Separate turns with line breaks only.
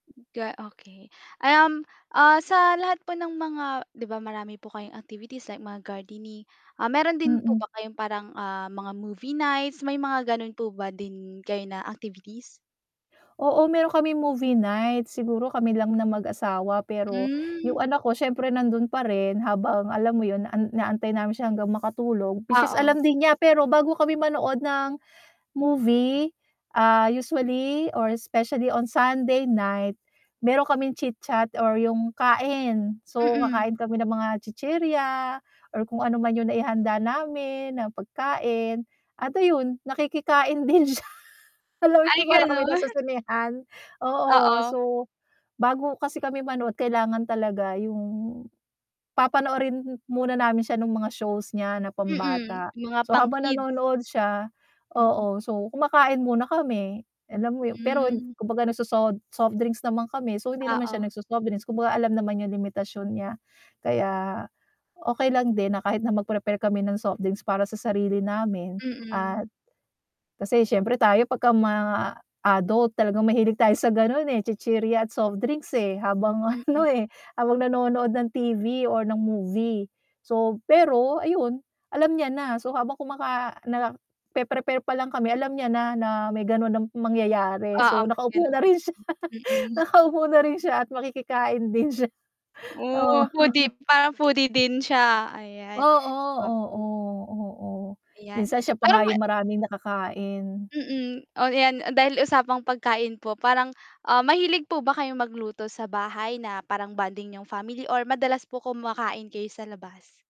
Hmm, ga okey. Um, ah, sa lahat po ng mga 'di ba marami po kayong activities like mga gardening. Ah, meron din po
Mm.
ba kayong parang, ah, mga movie nights, may mga ganun po ba din kayo na activities?
Oo, meron kaming movie night. Siguro kami lang na mag-asawa, pero yung
Hmm.
anak ko siyempre nandun pa rin habang alam mo yun, naan inaantay namin siya hanggang makatulog which is
Oo.
alam din niya, pero bago kami manood ng movie, ah, usually or specially on Sunday night, meron kaming chit-chat or yung kain. So,
Mm.
kakain kami ng mga chichirya or kung ano man yung naihanda namin na pagkain. At ayun nakikikain din siya. Alam mo
Ay
yung para kami
ganun.
nasa sinehan, oo.
Oo.
So, bago kasi kami manood kailangan talaga yung papanoorin muna namin siya nung mga shows niya na
Mm,
pambata.
yung mga
So, habang
pang-kids.
nanonood siya
Mm.
oo, so kumakain muna kami alam mo yun, pero
Hmm.
kumbaga nagsosod softdrinks naman kami so hindi naman siya
Oo.
nagso-softdrinks, kumbaga alam naman yung limitasyon niya. Kaya okey lang din na kahit na mag-prepare kami ng softdrinks para sa sarili namin
Mm.
at kasi siyempre tayo pagka ma adult talagang mahilig tayo sa ganun, eh, chichirya at softdrinks, eh, habang ano, eh, habang nanonood ng TV or ng movie. So, pero ayun, alam niya na. So, habang kumaka nape-prepare palang kami, alam niya na na may gano'n na mangyayari
Oo,
so,
may
nakaupo
ganun.
na rin siya
Mm.
nakaupo na rin siya at makikikain din siya, oo.
Oh, foodie parang foodie din siya, ayan.
Oo,
Mm.
oo, o.
'Yan,
Minsan siya pa
pero
nga
may
yung maraming nakakain.
Mm. Oh 'yan, dahil usapang pagkain po parang, ah, mahilig po ba kayong magluto sa bahay na parang bonding niyong family or madalas po kumakain kayo sa labas?